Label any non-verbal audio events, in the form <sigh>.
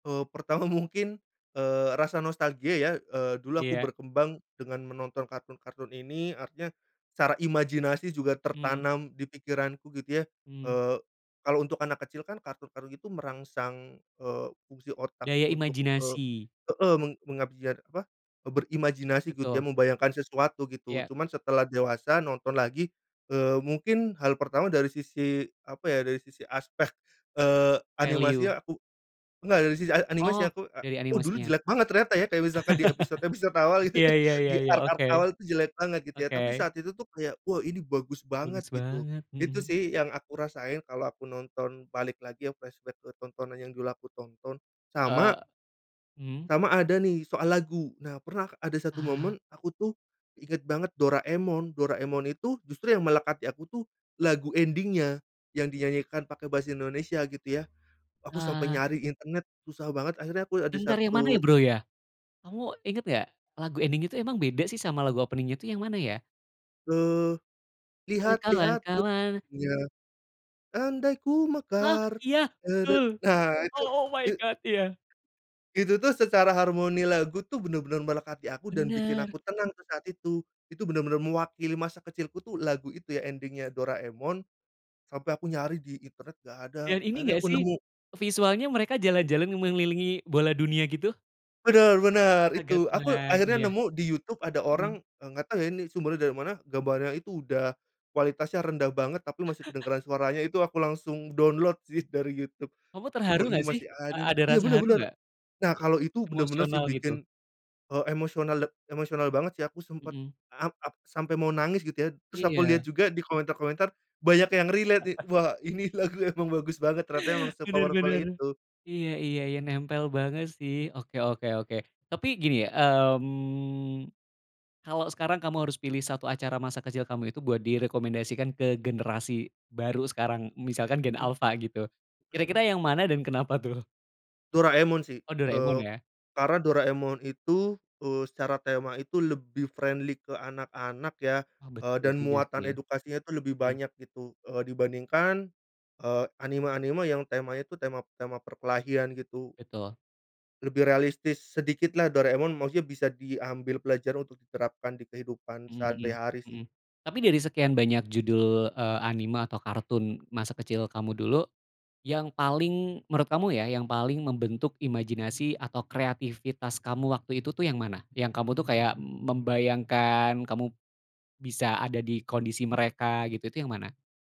Eee, pertama mungkin, eee, rasa nostalgia ya, eee, dulu aku Iya. berkembang dengan menonton kartun-kartun ini artinya, secara imajinasi juga Mmm. tertanam di pikiranku gitu ya, Mmm. eee, kalau untuk anak kecil kan kartun-kartun itu merangsang, eee, fungsi otak Daya untuk, e imajinasi. heeh, meng mengabiar apa, berimajinasi gitu ya Betul. membayangkan sesuatu gitu Ya. cuman setelah dewasa nonton lagi, eee, mungkin hal pertama dari sisi apa ya dari sisi aspek, eee, Value. animasinya aku enggak dari sisi a animasi Oh, aku a dari oh dulu animasinya. jelek banget ternyata ya kayak misalkan di <laughs> episode-episode awal itu Iya iya iya iya, di-arc-arc oke, awal itu jelek banget gitu ya oke. tapi saat itu tuh kayak wah ini bagus banget Bagus gitu, banget, itu mhm. sih yang aku rasain kalau aku nonton balik lagi flashback ke tontonan yang dulu aku tonton, sama Eee, mmm. sama ada nih soal lagu. Nah, pernah ada 1 Ah. momen aku tuh, inget banget Doraemon, Doraemon itu justru yang melekat di aku tuh, lagu ending-nya, yang dinyanyikan pake Bahasa Indonesia gitu ya, aku sampai Ah. nyari internet susah banget akhirnya aku ada Bentar yang mana ya, satu Bro, ya? Kamu inget gak lagu ending itu emang beda sih sama lagu opening-nya itu yang mana ya? Eee, Ayo lihat lihat ke kawan-kawan. bunya, andai ku Ah, mekar iya, tede betul, nah, itu oh oh my i god, iya. itu tuh secara harmoni lagu tuh bener-bener melekat di aku dan bikin Bener. aku tenang tuh saat itu, itu bener-bener mewakili masa kecilku tuh lagu itu ya ending-nya Doraemon, sampai aku nyari di internet gak ada Dan ini akhirnya gak aku sih, nemu. visualnya mereka jalan-jalan mengelilingi bola dunia gitu? Bener bener, Aga itu aku Tuhan akhirnya iya, nemu di YouTube ada mhm. orang, eee, gak tau ya ini sumbernya dari mana gambarnya itu udah, kualitasnya rendah banget tapi masih <chuckles> kedengeran suaranya itu aku langsung download sih dari YouTube, Kamu terharu oh, ini gak sih? masih A ada nih ada iya, rasa bener haru bener, gak? nah kalo itu bener-bener sih Emosional gitu. bikin, eee, emosional emosional banget sih aku, sempet Mhm. am ap sampai mau nangis gitu ya terus aku liat Iya. juga di komentar-komentar banyak yang relate nih, <chuckles> wah, ini lagu emang bagus banget ternyata emang Bener se-powerful bener, itu. iya iya iya, nempel banget sih, oke oke oke. Tapi gini ya, mmm, kalo sekarang kamu harus pilih 1 acara masa kecil kamu itu buat direkomendasikan ke generasi baru sekarang misalkan gen Mhm. alfa gitu, Mhm. kira-kira yang mana dan kenapa tuh? Doraemon sih, Oh, eee, Doraemon ya. karena Doraemon itu, eee, secara tema itu lebih friendly ke anak-anak ya, Wah, eee, betul dan juga muatan sih, edukasinya itu lebih mhm. banyak gitu, eee, dibandingkan, eee, anime-anime yang temanya itu tema tema perkelahian gitu. Betul. Lebih realistis sedikitlah Doraemon maksudnya bisa diambil pelajaran untuk diterapkan di kehidupan Mhm mhm sehari-hari sih. mhm, tapi dari sekian banyak judul, eee, anime atau kartun masa kecil kamu dulu, yang paling menurut kamu ya yang paling membentuk imajinasi atau kreativitas kamu waktu itu tuh yang mana? Yang kamu tuh kayak membayangkan kamu, bisa ada di kondisi mereka gitu itu yang mana?